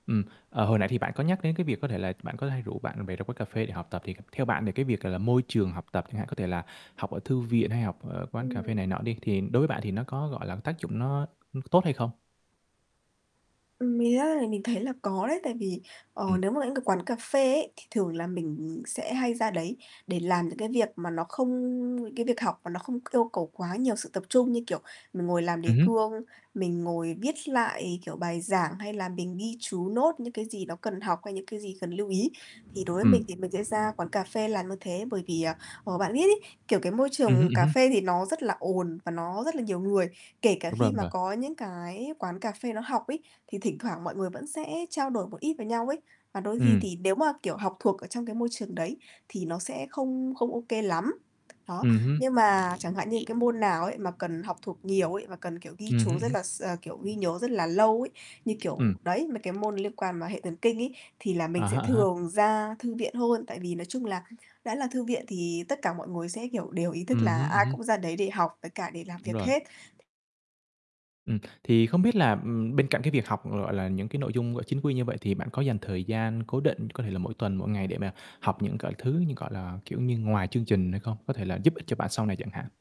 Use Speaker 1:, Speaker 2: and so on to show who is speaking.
Speaker 1: Ừm, ờ, hồi nãy thì bạn có nhắc đến cái việc có thể là bạn có hay rủ bạn bè ra quán cà phê để học tập. Thì theo bạn thì cái việc, gọi là, môi trường học tập chẳng hạn, có thể là học ở thư viện hay học ở quán cà phê
Speaker 2: Ừm.
Speaker 1: này nọ đi, thì đối với bạn thì nó có, gọi là, tác dụng nó nó có tốt hay không?
Speaker 2: Ừm, mình [unintelligible] mình thấy là có đấy. Tại vì, ờ,
Speaker 1: Ừm.
Speaker 2: nếu mà những cái quán cà phê ấy, thì thường là mình, ừm, sẽ hay ra đấy để làm những cái việc mà nó không cái việc học mà nó không yêu cầu quá nhiều sự tập trung. Như kiểu mình ngồi làm
Speaker 1: Ừm
Speaker 2: đề
Speaker 1: hứm.
Speaker 2: cương, mình ngồi viết lại, kiểu, bài giảng hay là mình ghi chú, note những cái gì nó cần học hay những cái gì cần lưu ý. Thì đối với
Speaker 1: Ừm.
Speaker 2: mình thì mình sẽ ra quán cà phê làm như thế, bởi vì, ờ, ờ, bạn biết ấy, kiểu, cái môi
Speaker 1: Ừm hứm,
Speaker 2: trường
Speaker 1: ừm
Speaker 2: cà
Speaker 1: hứm.
Speaker 2: phê thì nó rất là ồn và nó rất là nhiều người, kể cả
Speaker 1: Đúng rồi,
Speaker 2: khi
Speaker 1: đúng
Speaker 2: mà
Speaker 1: rồi.
Speaker 2: có những cái quán cà phê nó học ấy, thì thỉnh thoảng mọi người vẫn sẽ trao đổi một ít với nhau ấy, mà đôi khi
Speaker 1: Ừm.
Speaker 2: thì nếu mà, kiểu, học thuộc ở trong cái môi trường đấy thì nó sẽ không không OK lắm. Đó,
Speaker 1: Ừm hưm.
Speaker 2: nhưng mà chẳng hạn những cái môn nào ấy mà cần học thuộc nhiều ấy, mà cần, kiểu, ghi
Speaker 1: Ừm hứm,
Speaker 2: chú
Speaker 1: ừm
Speaker 2: rất
Speaker 1: hứm.
Speaker 2: là s ờ, kiểu, ghi nhớ rất là lâu ấy, như
Speaker 1: Ừm.
Speaker 2: kiểu đấy, mấy cái môn liên quan mà hệ thần kinh ấy, thì là
Speaker 1: À
Speaker 2: mình
Speaker 1: há,
Speaker 2: sẽ
Speaker 1: à há.
Speaker 2: thường ra thư viện hơn. Tại vì nói chung là đã là thư viện thì tất cả mọi người sẽ, kiểu, đều ý thức
Speaker 1: Ừm
Speaker 2: là
Speaker 1: hứm, ừm
Speaker 2: ai
Speaker 1: hứm.
Speaker 2: cũng ra đấy để học với cả để làm
Speaker 1: Đúng
Speaker 2: việc
Speaker 1: rồi.
Speaker 2: hết.
Speaker 1: Ừm. Thì không biết là, ừm, bên cạnh cái việc học, gọi là, những cái nội dung gọi chính quy như vậy, thì bạn có dành thời gian cố định, có thể là mỗi tuần, mỗi ngày để mà học những gọi thứ như, gọi là, kiểu như ngoài chương trình hay không? Có thể là giúp ích cho bạn sau này chẳng hạn.